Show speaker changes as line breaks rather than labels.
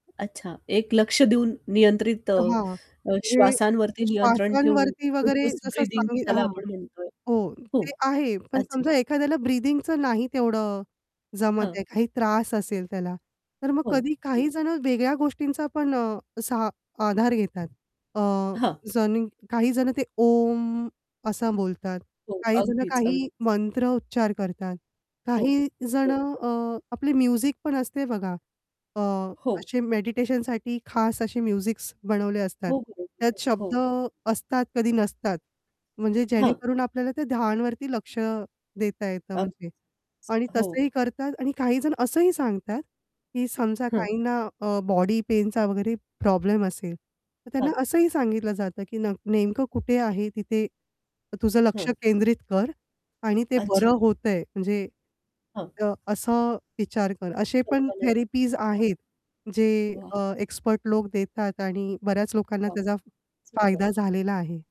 अच्छा, एक लक्ष देऊन नियंत्रित अ,
अ, हां,
अ,
म्हणजे
श्वासांवरती नियंत्रण ठेवून
श्वासांवरती वगैरे
फोकस
जसं
ब्रीथिंग
सम
ज्याला
हां,
आपण म्हणतोय
हो,
हो,
ते आहे पण
अच्छा.
समजा एखाद्याला ब्रीथिंगचं नाही तेवढं जमत
हां.
आहे काही त्रास असेल त्याला. तर मग
हो,
कधी
हो.
काही जणं वेगळ्या गोष्टींचा पण अ, असा आधार घेतात. अ,
हां.
जणिव काही जणं ते ओम असा बोलतात,
हो,
काही जणं
अगदीच, अगदीच.
काही मंत्र उच्चार करतात,
हो.
काही
हो.
जणं अ, आपली म्युझिक पण असते बघा, अ,
हो.
असे मेडिटेशनसाठी खास असे म्युझिक्स बनवले असतात,
हो, हो,
त्यात
[unintelligible] हो.
शब्द असतात कधी नसतात. म्हणजे
हां.
जेणेकरून आपल्याला त्या ध्यानवरती लक्ष देता येतं म्हणजे.
अगदीच,
आणि
हो.
तसंही करतात आणि काहीजण असंही सांगतात, की समजा
हं.
काहींना अ, बॉडी पेनचा वगैरे प्रॉब्लेम असेल, तर त्यांना
हां.
असंही सांगितलं जातं, की नक नेमकं कुठे आहे तिथे तुझं लक्ष
हां.
केंद्रित कर आणि ते
अच्छा.
बरं होतंय म्हणजे
हां.
तर असं विचार कर. असे पण
कल्पना
थेरपीज आहेत जे
हां, वाह!
अ, एक्सपर्ट लोक देतात आणि बऱ्याच लोकांना
वाह!
त्याचा फ फायदा
सुपर.
झालेला आहे.